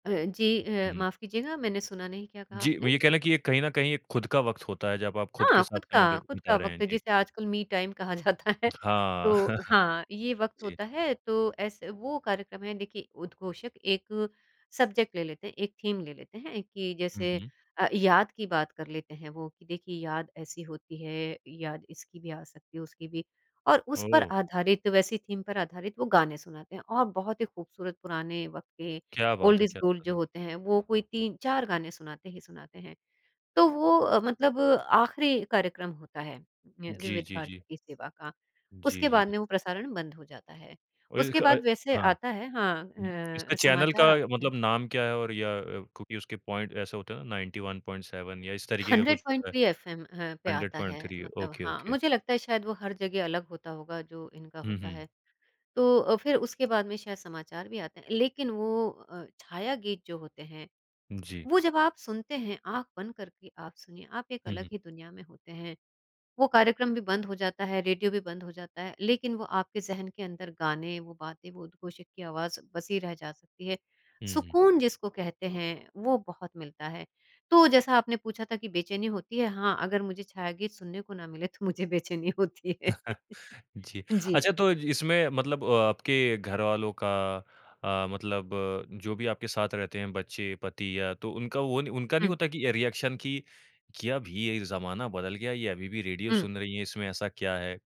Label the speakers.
Speaker 1: अ, जी अ,
Speaker 2: हुँ।
Speaker 1: माफ़ कीजिएगा, मैंने सुना नहीं क्या कहा
Speaker 2: जी, मैं
Speaker 1: आपने?
Speaker 2: ये कह लें कि एक कहीं न कहीं एक खुद का वक़्त होता है, जब आप खुद
Speaker 1: हाँ,
Speaker 2: के साथ
Speaker 1: खुद
Speaker 2: समय
Speaker 1: का
Speaker 2: बि
Speaker 1: खुद का
Speaker 2: बिता रहे हैं।
Speaker 1: वक़्त
Speaker 2: जी।
Speaker 1: जिसे आजकल मी टाइम कहा जाता है।
Speaker 2: हाँ।
Speaker 1: तो हाँ, ये वक़्त
Speaker 2: जी।
Speaker 1: होता है तो ऐसे वो कार्यक्रम है देखिए उद्घोषक एक सब्जेक्ट ले लेते हैं, एक थीम ले लेते हैं, कि
Speaker 2: हुँ,
Speaker 1: जैसे
Speaker 2: हुँ।
Speaker 1: अ, याद की बात कर लेते हैं वो, कि देखिए याद ऐसी होती है, याद इसकी भी आ सकती है, उसकी भी। और उस पर
Speaker 2: ओह!
Speaker 1: आधारित वैसी थीम पर आधारित वो गाने सुनाते हैं और बहुत ही खूबसूरत पुराने वक़्त के,
Speaker 2: क्या
Speaker 1: ओल्ड
Speaker 2: बात है
Speaker 1: इज
Speaker 2: क्या
Speaker 1: गोल्ड
Speaker 2: बात
Speaker 1: जो
Speaker 2: है।
Speaker 1: होते हैं, वो कोई 3 4 गाने सुनाते ही सुनाते हैं। तो वो अ, मतलब आख़िरी कार्यक्रम होता है, वि
Speaker 2: जी,
Speaker 1: विविध
Speaker 2: जी, जी।
Speaker 1: भारती की सेवा का,
Speaker 2: जी,
Speaker 1: उसके
Speaker 2: जी।
Speaker 1: बाद में वो प्रसारण बंद हो जाता है। उसके
Speaker 2: ओइलक अए
Speaker 1: बाद वैसे
Speaker 2: हाँ।
Speaker 1: आता है, हाँ
Speaker 2: हुँ। इसका
Speaker 1: ह
Speaker 2: चैनल का
Speaker 1: समाचार आते हैं।
Speaker 2: मतलब नाम क्या है? और या क्योंकि उसके पॉइंट, ऐसा होता हैं ना 91.7 या इस तरीके का
Speaker 1: हंड्रेड
Speaker 2: कुछ
Speaker 1: पॉइंट
Speaker 2: होता है।
Speaker 1: थ्री एफ एम अ, पे
Speaker 2: हंड्रेड
Speaker 1: आता है,
Speaker 2: पॉइंट थ्री
Speaker 1: मतलब
Speaker 2: ओके,
Speaker 1: हाँ,
Speaker 2: ओके।
Speaker 1: मुझे लगता है शायद वो हर जगह अलग होता होगा जो इनका
Speaker 2: हुँ,
Speaker 1: होता
Speaker 2: हुँ।
Speaker 1: है। तो अ, फिर उसके बाद में शायद समाचार भी आते हैं, लेकिन वो अ, छाया गीत जो होते हैं,
Speaker 2: जी।
Speaker 1: वो जब आप सुनते हैं आँख बंद करके आप सुनिए, आप एक
Speaker 2: हुँ,
Speaker 1: अलग
Speaker 2: हुँ।
Speaker 1: ही दुनिया में होते हैं। वो कार्यक्रम भी बंद हो जाता है, रेडियो भी बंद हो जाता है लेकिन वो आपके ज़हन के अंदर गाने, वो बातें, वो उद्घोषक की आवाज़ बसी रह जा सकती है,
Speaker 2: हुँ, हुँ।
Speaker 1: सुकून जिसको कहते हैं वो बहुत मिलता है। तो जैसा आपने पूछा था कि बेचैनी होती है, हाँ अगर मुझे छायागीत सुनने को ना मिले तो मुझे बेचैनी होती है।
Speaker 2: जी।
Speaker 1: जी।
Speaker 2: अच्छा तो इसमें मतलब आपके घरवालों का अ, मतलब जो भी आपके साथ रहते हैं बच्चें, पति या तो उनका वो नहीं उनका नहीं
Speaker 1: हुँ।
Speaker 2: होता कि ये रिएक्शन कि कि अब ये ज़माना बदल गया, ये अभी भी रेडियो
Speaker 1: हुँ।
Speaker 2: सुन रही हैं, इसमें ऐसा क्या है?